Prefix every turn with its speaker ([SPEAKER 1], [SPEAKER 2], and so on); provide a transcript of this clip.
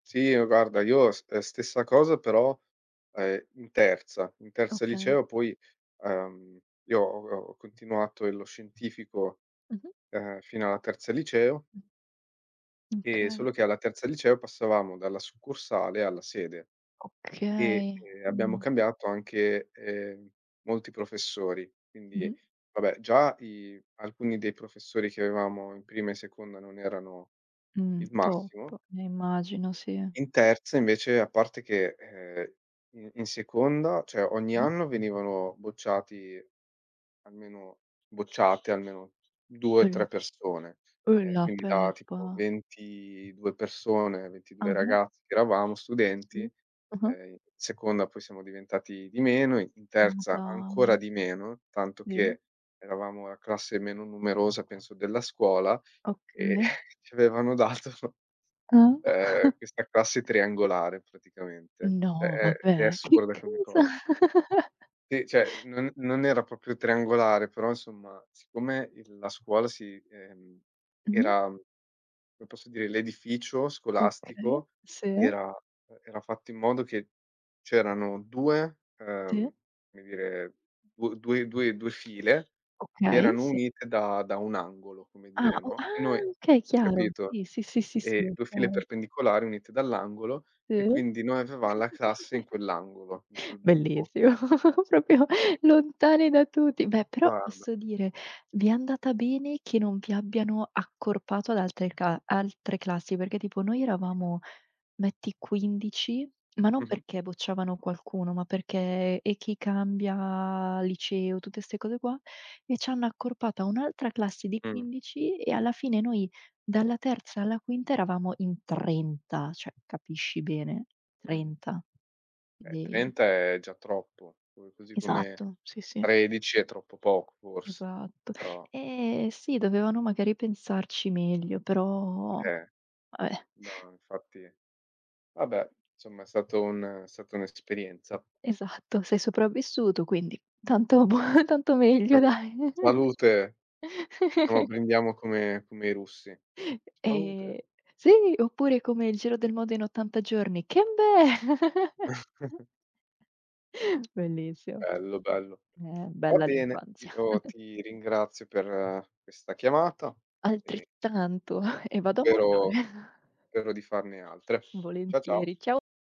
[SPEAKER 1] Sì, ehm, guarda io ste ehm, stessa cosa però, ehm, in terza. In terza
[SPEAKER 2] Okay.
[SPEAKER 1] liceo poi, uhm, io ho ho continuato il lo Scientifico,
[SPEAKER 2] Mh-mh.
[SPEAKER 1] uhm, fino alla terza liceo
[SPEAKER 2] Mh.
[SPEAKER 1] e solo
[SPEAKER 2] Okay.
[SPEAKER 1] che alla terza liceo passavamo dalla succursale alla sede e,
[SPEAKER 2] Okay,
[SPEAKER 1] ehm, abbiamo
[SPEAKER 2] mh.
[SPEAKER 1] cambiato anche, ehm, molti professori. Quindi,
[SPEAKER 2] Mh-mh.
[SPEAKER 1] vabbè già i alcuni dei professori che avevamo in prima e in seconda non erano
[SPEAKER 2] Mh,
[SPEAKER 1] il
[SPEAKER 2] top.
[SPEAKER 1] massimo
[SPEAKER 2] Eh, immagino, sì.
[SPEAKER 1] in terza invece, a parte che ehm i in seconda, cioè ogni
[SPEAKER 2] Mh-mh.
[SPEAKER 1] anno venivano bocciati almeno bocciate almeno due,
[SPEAKER 2] Eh la
[SPEAKER 1] tre persone.
[SPEAKER 2] eh
[SPEAKER 1] E
[SPEAKER 2] la
[SPEAKER 1] quindi da tipo
[SPEAKER 2] peppa!
[SPEAKER 1] 22 persone, 22
[SPEAKER 2] Ah-ah.
[SPEAKER 1] ragazzi che eravamo
[SPEAKER 2] Sì.
[SPEAKER 1] studenti,
[SPEAKER 2] Ah-ah.
[SPEAKER 1] ehm, in seconda poi siamo diventati di meno, in
[SPEAKER 2] Ma
[SPEAKER 1] terza ancora
[SPEAKER 2] dai!
[SPEAKER 1] di meno, tanto
[SPEAKER 2] Sì.
[SPEAKER 1] che eravamo la classe meno numerosa penso della scuola, e
[SPEAKER 2] Okay.
[SPEAKER 1] ci avevano dato,
[SPEAKER 2] Ah.
[SPEAKER 1] uhm, questa classe triangolare praticamente. Cioè
[SPEAKER 2] No,
[SPEAKER 1] è è
[SPEAKER 2] vabbè che
[SPEAKER 1] assurda come
[SPEAKER 2] cosa?
[SPEAKER 1] cosa. Sì, cioè non non era proprio triangolare, però insomma siccome il la scuola si ehm,
[SPEAKER 2] Mh-mh.
[SPEAKER 1] era come posso dire, l'edificio
[SPEAKER 2] Okay,
[SPEAKER 1] scolastico
[SPEAKER 2] sì.
[SPEAKER 1] era, uhm, era fatto in modo che c'erano 2
[SPEAKER 2] Sì.
[SPEAKER 1] uhm, come dire du due due due, file che
[SPEAKER 2] Okay,
[SPEAKER 1] erano
[SPEAKER 2] sì.
[SPEAKER 1] unite da da un angolo, come
[SPEAKER 2] Ah
[SPEAKER 1] dire,
[SPEAKER 2] o
[SPEAKER 1] no, e
[SPEAKER 2] ah,
[SPEAKER 1] noi,
[SPEAKER 2] okay, chiaro.
[SPEAKER 1] capito,
[SPEAKER 2] Sì. Sì, sì, sì, sì
[SPEAKER 1] ehm,
[SPEAKER 2] è
[SPEAKER 1] 2 file
[SPEAKER 2] chiaro.
[SPEAKER 1] perpendicolari unite dall'angolo e
[SPEAKER 2] Sì.
[SPEAKER 1] quindi noi avevam la classe in quell'angolo, in quel buco.
[SPEAKER 2] Bellissimo, proprio
[SPEAKER 1] Ehm
[SPEAKER 2] lontani da tutti. Beh, però
[SPEAKER 1] Guarda.
[SPEAKER 2] posso dire: vi è andata bene che non vi abbiano accorpato ad altre cla altre classi. Perché tipo noi
[SPEAKER 1] [unintelligible]
[SPEAKER 2] eravamo metti 15,,ma non
[SPEAKER 1] Mh-mh.
[SPEAKER 2] perché bocciavano qualcuno, ma perché: e chi cambia liceo, tutte 'ste cose qua e c'hanno accorpato a un'altra classe di
[SPEAKER 1] Mh.
[SPEAKER 2] 15 e alla fine noi dalla terza alla quinta eravamo in 30, cioè capisci bene.
[SPEAKER 1] Mh.
[SPEAKER 2] 30
[SPEAKER 1] Ehm,
[SPEAKER 2] dei
[SPEAKER 1] 30 è già troppo, co così come
[SPEAKER 2] Esatto, sì, sì.
[SPEAKER 1] 13 è troppo poco forse,
[SPEAKER 2] Esatto.
[SPEAKER 1] però
[SPEAKER 2] Ehm, sì dovevano magari pensarci meglio, però
[SPEAKER 1] Che è
[SPEAKER 2] vabbè.
[SPEAKER 1] no, infatti, vabbè, insomma è stato un è stata un'esperienza.
[SPEAKER 2] Esatto, sei sopravvissuto, quindi tanto è buo tanto meglio
[SPEAKER 1] [unintelligible]
[SPEAKER 2] dai.
[SPEAKER 1] Salute, diciamo brindiamo come come i russi. Salute!
[SPEAKER 2] Ehm, sai, oppure come il giro del mondo in 80 giorni: "Kembe!" Bellissimo.
[SPEAKER 1] Bello, bello.
[SPEAKER 2] Eh
[SPEAKER 1] Va
[SPEAKER 2] bella
[SPEAKER 1] bene,
[SPEAKER 2] l'infanzia.
[SPEAKER 1] io ti ringrazio per questa chiamata e
[SPEAKER 2] Altrettanto e vado a mangiare.
[SPEAKER 1] spero spero di farne altre. Ciao, ciao.
[SPEAKER 2] Volentieri. Ciao.